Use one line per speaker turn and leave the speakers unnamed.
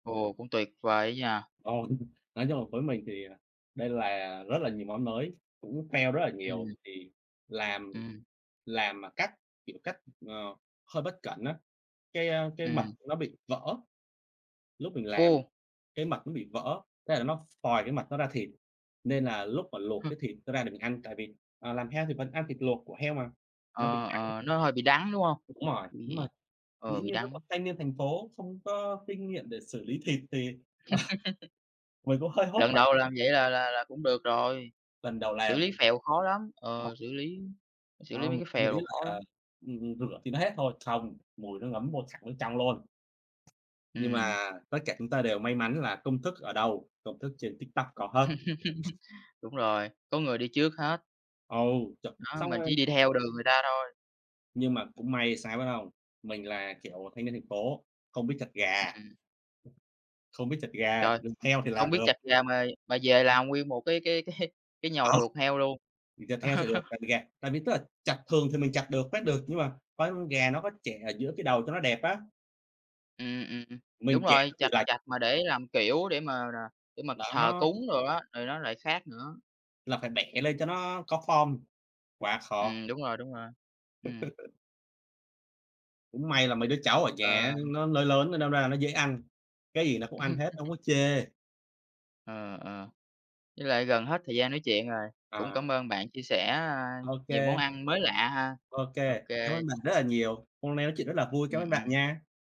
Ồ, cũng tuyệt vời á nha.
Ồ. Nói chung là với mình thì, à, đây là rất là nhiều món mới, cũng fail rất là nhiều,
Ừm.
thì làm
Ừm.
làm mà cách, kiểu, cách, ờ, hơi bất cẩn á, cái, a, cái mật
Ừm.
nó bị vỡ. Lúc mình làm
Ô!
cái mật nó bị vỡ, thế là nó ph phòi cái mật nó ra thịt, nên là lúc mà luộc
Hơ.
cái thịt đó ra để mình ăn, tại vì, ờ, làm heo thì vẫn ăn thịt luộc của heo mà, nó bị
Ờ,
đắng.
ờ, nó hơi bị đắng, đúng hông?
Đúng rồi. Nhưng mà
Bị ờ,
dĩ
bị
nhiên lúc mà
đắng.
thanh niên thành phố không có kinh nghiệm để xử lý thịt thì, ờ, mình cũng hơi hốt
Lần
hoảng.
đầu làm vậy là là là cũng được rồi.
Lần đầu
Xử
làm.
lý phèo khó lắm.
Ờ.
Ờ, xử lý xử lý
Đó,
mấy
mình
cái
cũng
phèo
nghĩ
đồ khó
là,
lắm.
ừm, ừm, rửa thì nó hết thôi, không, mùi nó ngấm vô sẵn vô trong luôn. Nhưng mà
Ừm.
tất cả chúng ta đều may mắn là công thức ở đâu? Công thức trên TikTok có hết.
Đúng rồi, có người đi trước hết.
Ừ, ch
Đó,
xong
mình
là
chỉ đi theo đường người ta thôi.
Nhưng mà cũng may là sao biết hông? Mình là, kiểu, à, thanh niên thành phố, không biết chặt gà
Ừm.
không biết chặt gà,
Trời!
m heo thì
Hông
làm
biết
được.
chặt gà mà mà về làm nguyên một cái cái cái cái nhồi
Ờ.
ruột heo luôn.
Mình chặt heo thì được, tại vì gà tại vì tức là chặt thường thì mình chặt được, phát được, nhưng mà phải con gà nó có chẻ ở giữa cái đầu cho nó đẹp á.
Ừm, ừm. Đúng
Mình chẻ
rồi,
nó bị
chặt
lệch.
chặt mà để làm, kiểu, để mà để mà
Mà
thờ
nó
cúng đồ á, thì nó lại khác nữa.
Là phải bẻ lên cho nó có form. Quá khó!
Ừm, đúng rồi, đúng rồi. Ừm.
Cũng may là mấy đứa cháu ở nhà á
Ờ.
nó lớn lớn nên đâm ra là nó dễ ăn. Cái gì nó cũng ăn hết, hông có chê.
Ờ, ờ. Với lại gần hết thời gian nói chuyện rồi. Cũng
À.
cảm ơn bạn chia sẻ, a, nhiều món
OK.
ăn mới lạ ha.
OK. Cám
OK.
ơn bạn rất là nhiều. Hôm nay nói chuyện rất là vui, cám
Ừm,
ơn bạn
ừm.
nha!